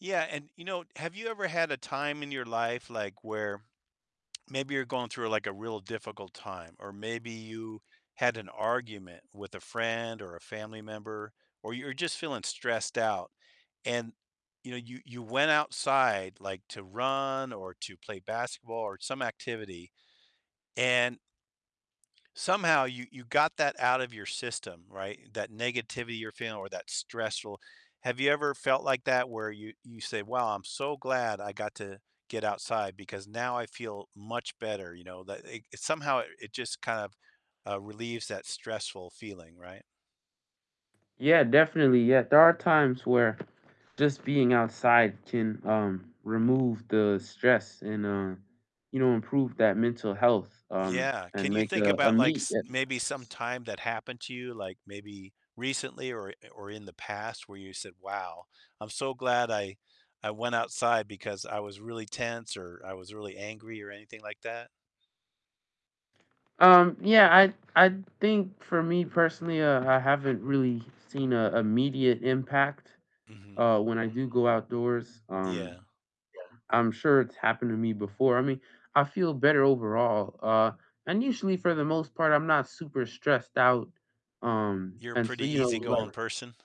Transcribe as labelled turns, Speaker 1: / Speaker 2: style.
Speaker 1: Yeah, and, you know, have you ever had a time in your life, like, where maybe you're going through, like, a real difficult time, or maybe you had an argument with a friend or a family member, or you're just feeling stressed out and, you know, you you went outside, like, to run or to play basketball or some activity, and somehow you you got that out of your system, right? That negativity you're feeling or that stressful have you ever felt like that where you you say, "Wow, I'm so glad I got to get outside because now I feel much better," you know? That it somehow it just kind of, uh, relieves that stressful feeling, right?
Speaker 2: Yeah, definitely. Yeah, there are times where just being outside can, um, remove the stress and, uh, you know, improve that mental health, um,
Speaker 1: Yeah. Can
Speaker 2: and
Speaker 1: you
Speaker 2: make
Speaker 1: think
Speaker 2: a a
Speaker 1: about, like,
Speaker 2: meet
Speaker 1: s
Speaker 2: that
Speaker 1: maybe some
Speaker 2: s
Speaker 1: time that happened to you, like, maybe recently or or in the past where you said, "Wow, I'm so glad I I went outside because I was really tense," or, "I was really angry," or anything like that?
Speaker 2: Um, yeah, I I think for me personally, uh, I haven't really seen a immediate impact,
Speaker 1: Mhm.
Speaker 2: uh, when I do go outdoors, um,
Speaker 1: Yeah.
Speaker 2: I'm sure it's happened to me before, I mean, I feel better overall, uh, and usually for the most part, I'm not super stressed out, um,
Speaker 1: You're a
Speaker 2: and so,
Speaker 1: pretty
Speaker 2: you know,
Speaker 1: easygoing
Speaker 2: like
Speaker 1: person?